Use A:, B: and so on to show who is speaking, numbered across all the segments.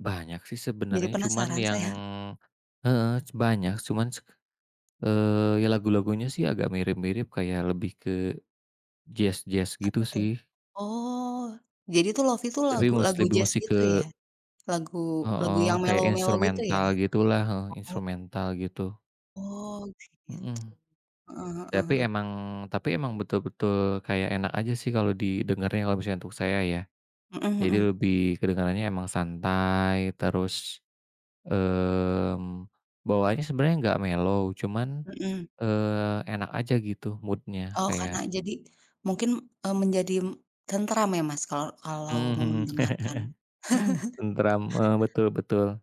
A: Banyak sih,
B: Jadi
A: sebenarnya cuman
B: penasaran
A: yang
B: saya.
A: heeh, cu banyak cuman, eee, ya lagu-lagunya sih, agak mirip-mirip kayak lebih ke jaz-jaz, gitu
B: Apa, tuh?
A: sih.
B: Oh, jadi tuh, lofi tuh
A: Tapi mus
B: lagu-lagu
A: lebih
B: jaz,
A: musti
B: gitu ya?
A: ke
B: Lagu lagu
A: Heeh,
B: yang
A: kayak
B: mellow-mellow, gitu ya?
A: instrumental gitulah heeh,
B: Oh.
A: instrumental gitu.
B: Oh, kayak gitu.
A: Mhm.
B: Heeh heeh
A: Tapi
B: heeh.
A: emang tapi emang betul-betul kayak enak aja sih, kalau didengerin, kalau misalnya untuk saya, ya.
B: Mhm
A: Jadi
B: mhm.
A: lebih kedengarannya emang santai, terus, mmm, bawaannya sebenarnya nggak mellow cuman,
B: Mhm.
A: eee, enak aja gitu mood-nya,
B: Oh, karena
A: kayak
B: jadi mungkin, eee, menjadi, mmm, tentram ya, Mas, kalau kalau
A: Mmm,
B: mau
A: mhm.
B: mendengarkan.
A: Tenteram, mmm, betul betul.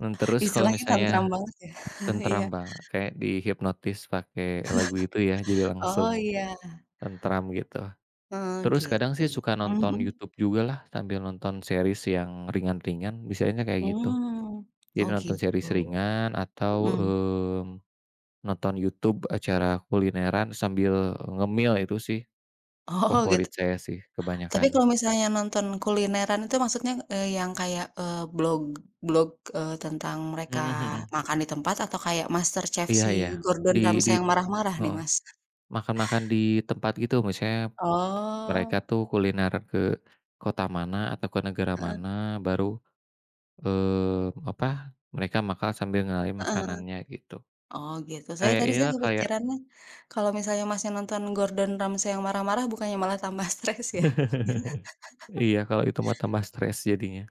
A: Mmm, terus kalau
B: Istilahnya tenteram
A: misalnya
B: banget, ya. Iya.
A: tentram ba kayak dihipnotis pakai lagu itu ya, jadi
B: Oh,
A: langsung
B: iya.
A: tenteram, gitu.
B: Oh,
A: Terus
B: gitu,
A: kadang sih, suka
B: mmm,
A: nonton
B: mhm?
A: YouTube jugalah, sambil nonton series yang ringan-ringan, biasanya kayak gitu.
B: Hmm.
A: Jadi
B: Oh,
A: nonton
B: gitu.
A: series ringan atau,
B: Mhm.
A: mmm, nonton YouTube acara kulineran sambil ngemil. Itu sih,
B: Oh, gitu
A: favorit saya sih,
B: tapi
A: kebanyakan.
B: kalau misalnya nonton kulineran itu, maksudnya, eee, yang kayak, eee, blog blog, eee, tentang mereka
A: Mhm mhm.
B: makan di tempat atau kayak MasterChef
A: Iya
B: si
A: iya.
B: Gordon
A: Di
B: Ramsay
A: di
B: yang marah-marah nih,
A: heeh,
B: Mas?
A: makan-makan di tempat gitu, maksudnya, mereka
B: Oh.
A: tuh kuliner ke kota mana atau ke negara
B: Heeh.
A: mana, baru, eee, apa, mereka makan sambil ngenalin
B: Heeh heeh.
A: makanannya, gitu.
B: Oh, gitu. Saya
A: Kayak
B: tadi sih
A: inilah, kayak
B: kepikirannya, kalau misalnya Masnya nonton Gordon Ramsay yang marah-marah bukannya malah tambah stres ya?
A: Iya, kalau itu mah tambah stres jadinya.